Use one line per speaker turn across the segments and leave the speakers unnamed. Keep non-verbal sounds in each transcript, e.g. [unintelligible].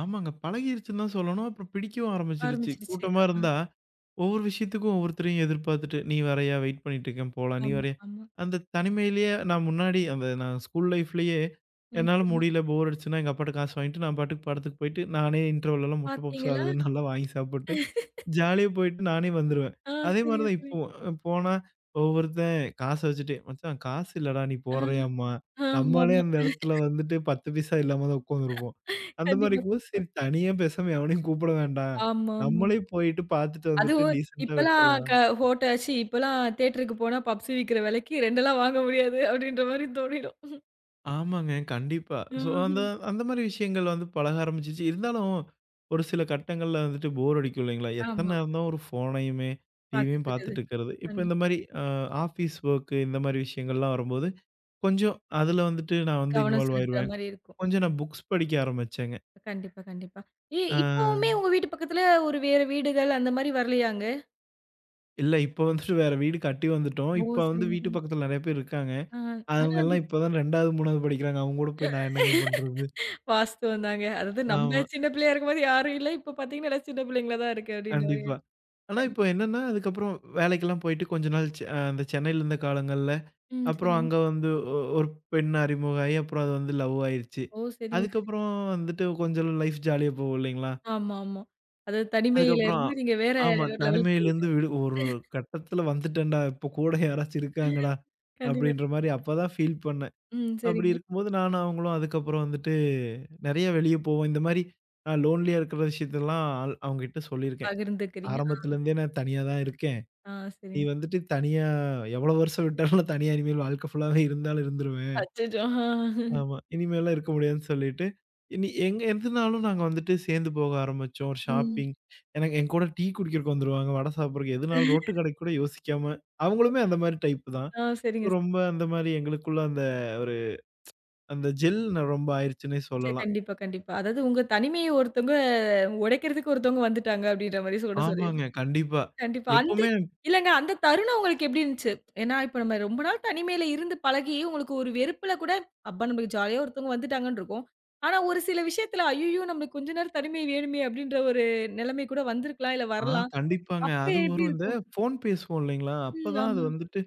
ஆமாங்க. பழகிருச்சுன்னுதா சொல்லணும். அப்றம் பிடிக்கவும் ஆரம்பிச்சிடுச்சு.
ஆரம்பிச்சிருச்சு.
கூட்டமா
ஆஹா.
இருந்தா ஒவ்வொரு விஷயத்துக்கும் ஒவ்வொருத்தரையும் எதிர்பார்த்துட்டு, "நீ வரையா? வெயிட் பண்ணிட்டு இருக்கேன், போலாம். நீ
ஆமா.
வரையா?"
ஆமா.
அந்தத் தனிமையிலே நா முன்னாடி அந்த நா ஸ்கூல் லைஃப்லயே
ம்
என்னால
சொல்லுங்க.
முடியல, போர் அடிச்சுச்சுன்னா, எங்க அப்பாட்ட காசு வாங்கிட்டு, நான் பாட்டுக்கு படத்துக்குப் போயிட்டு நானே இண்டர்வெல்லல்லாம் முட்ட பப்ஸ், அது
பாத்தீங்களா?
[chuckles] இதுன்னு நல்லா வாங்கி சாப்பிட்டு,
[chuckles]
ஜாலியா போயிட்டு, நானே வந்துருவேன்.
ஆ.
அதே மாரி
சரிங்க,
தான்
சரி.
இப்பவும் போனா ஒவ்வொருத்தன் காசு வச்சுட்டு, மச்சான் காசு இல்லடா, நீ
ஆ.
போடுறயாம்பான். நம்மளே
ஆமாம்மா.
அந்த இடத்துல வந்துட்டு, 10 பைசா இல்லாமதான் உக்கார்ந்துருப்போம். அந்த மாரி,
கண்டிப்பா.
இருக்கவும்
கண்டிப்பா.
சரி தனியா பேசாம எவனையும் கூப்பிட வேண்டாம்.
ஆமா, ஆமா.
நம்மளே போயிட்டு பாத்துட்டு வந்துட்டு
அதுவும்
டீசண்டா
இப்பெல்லாம் க
விட்ரலாம்.
ஹோட்டல், சி இப்பெல்லாம் தேயேட்டர்க்கு போனா பஃப்சுவிக்கிற விலைக்கு 2லாம் வாங்க முடியாது அப்டின்ற மாரி தோணிரும்.
ஆமாங்க. கண்டிப்பா. சோ. அந்த
ஹும்.
அந்த மாரி விஷயங்கள் வந்து பழக ஆரம்பிச்சிச்சு. இருந்தாலும் ஒரு சில கட்டங்கள்ல வந்துட்டு போர் அடிக்கும் இல்லைங்களா.
ஆமா.
எத்தன் நேரம்தா ஒரு ஃபோனையுமே
பாத்துட்டு
டிவியும்
இருக்குறது.
பாத்துட்டு இருக்கிறது. இப்ப
கண்டிப்பா.
இந்த மாரி. அ ஆஃபீஸ் ஓர்க்கு இந்த மாரி விஷயங்கள்லாம் வரும்போது கொஞ்ச அதுல வந்துட்டு நான் வந்து
கவனம்
இன்வால்
செலுத்துற
ஆயஇருவேன்.
மாரி இருக்கு.ம்.
கொஞ்ச நா புக்ஸ் படிக்க ஆரம்பிச்சேன்ங்க.
கண்டிப்பா, கண்டிப்பா. ஏ, இப்பவுமே
ஆ.
உங்க வீட்டு பக்கத்துல ஒரு வேற வீடுகள் அந்த மாரி வரலையாங்க?
இல்ல இப்போ வந்துட்டு வேற வீடு [chuckles] கட்டி வந்துட்டோம்.
ஓ!
இப்ப வந்து வீட்டு
சரிங்க.சரிங்க.
பக்கத்துல நெறைய பேர் இருக்காங்க.
ஆஹ். ஆனா.
அவங்கெல்லாம்
[unintelligible]
இப்ப தான் 2வது, 3வது படிக்கிறாங்க. அவங்க கூடப் போய் நான் என்னங்க பண்றது?
வாஸ்துவந்தாங்க. அதாது, நம்ம
ஆமா.
சின்ன பிள்ளையா இருக்கும்போது யாரும் இல்ல. இப்ப பாத்தீங்கன்னா, எல்லாம் சின்ன பிள்ளைங்களா தான் இருக்கு அப்டின்ற மாரி.
கண்டிப்பா. ஆனா,
கண்டிப்
இப்ப என்னன்னா அதுக்கப்புறம் வேலைக்கெல்லாம் போயிட்டு கொஞ்ச நாள் செ அ சென்னைல இருந்த காலங்கள்ல
ம்.
அப்புறம்
சரிங்க.
அங்க வந்து ஒ 1 பெண் அறிமுகமாயி, அப்புறம் அது வந்து லவ் ஆயிருச்சு.
ஓ! சரிங்க, சரிங்
அதுக்கப்புறம் வந்துட்டு கொஞ்ச லைஃப் ஜாலியா போவும் இல்லைங்களா?
ஆமாமா. அதாது தனிமையில
அதுக்கப்புறோம்
இருந்து நீங்க வேற
ஆமா.
லெவல்க்கு
தனிமையிலந்து
போயிட்டிங்க.
விடு ஒரு கட்டத்துல வந்துட்டேன்டா. இப்ப கூட யாராச்சும்
[chuckles]
இருக்காங்கடா!
கண்டிப்பா.
அப்டின்ற
க
மாரி அப்பதா ஃபீல் பண்ணேன்.
ம்.
அப்டி
சரிங்க.
இருக்கும்போது நானும், அவங்களும் அதுக்கப்புறம் வந்துட்டு நறைய வெளிய போவோம். இந்த மாரி அ லோன்லியா இருக்க விஷயத்தயெல்லாம் அவ் அவங்ககிட்ட சொல்லிருக்கேன்.
பகிர்ந்துக்கிறீங்க. அ.
ஆரம்பத்துல இருந்தே நான் தனியா தான் இருக்கேன்.
ஆ.
நீ
சரிங்
வந்துட்டு தனியா எவ்ளோ வருஷம் விட்டாலும் தனியா இனிமேல் வாழ்க்க ஃபுல்லாவே இருந்தாலும் இருந்துருவேன்.
அச்சச்சோ! அ
ஆமா. இனிமேலா இருக்க முடியாதுன்னு சொல்லிட்டு இனி எங்க எதுனாலும் நாங்க வந்துட்டு சேர்ந்து போக ஆரம்பிச்சோம். ஒரு
ம்.
ஷாப்பிங். எனக்கு என்கூட டீ குடிக்கிறதுக்கு வந்துருவாங்க. வட சாப்புறதுக்கு எதுனாலும் ரோட்டு
[chuckles]
கடைக் கூட யோசிக்காம அவங்களுமே அந்த மாரி டைப் தான்.
ஆ. சரிங்க. ச
ரொம்ப அந்த மாரி எங்களுக்குள்ள அந்த ஒரு [tsk] அந்த ஜெல் ரொம்ப ஆயிருச்சுனே
சரி,
சொல்லலாம்.
கண்டிப்பா, கண்டிப்பா. அதாது உங்க தனிமைய ஒருத்தங்க உடைக்கிறதுக்கு ஒருத்தங்க வந்துட்டாங்க அப்டின்ற மாரி சொடச் சொல்லிர்.
ஆமாங்க, கண்டிப்பா.
கண்டிப்பா. அந்த
எப்போமே
இல்லங்க அந்த தருணம் உங்களுக்கு எப்டி இருந்துச்சு? ஏன்னா, இப்ப நம்ம ரொம்ப நாள் தனிமையில இருந்து பழகி உங்களுக்கு ஒரு வெறுப்புல கூட, அப்பா நமக்கு ஜாலியா ஒருத்தவங்க வந்துட்டாங்கன்னு இருக்கும். ஆனா, ஒரு சில விஷயத்துல அய்யய்யோ! நம்மளுக்கு கொஞ்ச நேரம் தனிமை வேணுமே அப்டின்ற ஒரு நெலைமை கூட வந்து இருக்கலாம் இல்ல
ஆ.
வரலாம்.
கண்டிப்பாங்க.
அப்ப
அதுவும்
எப்டி
ஒரு இந்த
இருக்கும்?
ஃபோன் பேசுவோம் இல்லைங்களா,
ம்.
அப்பதான் அது
ஆமா.
வந்துட்டு,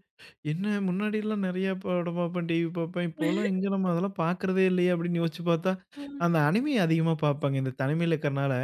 என்ன முன்னாடிலாம் நறைய படம் பாப்பேன் டிவி பாப்பேன். இப்பெல்லாம் எங்க
[chuckles]
நம்ம அதெல்லாம் பாக்கிறதே இல்லையே! அப்டின்னு யோசிச்சு பார்த்தா,
ம்.
அந்த அணிமி அதிகமா பாப்பங்க. இந்த தனிமைல இருக்கறனால.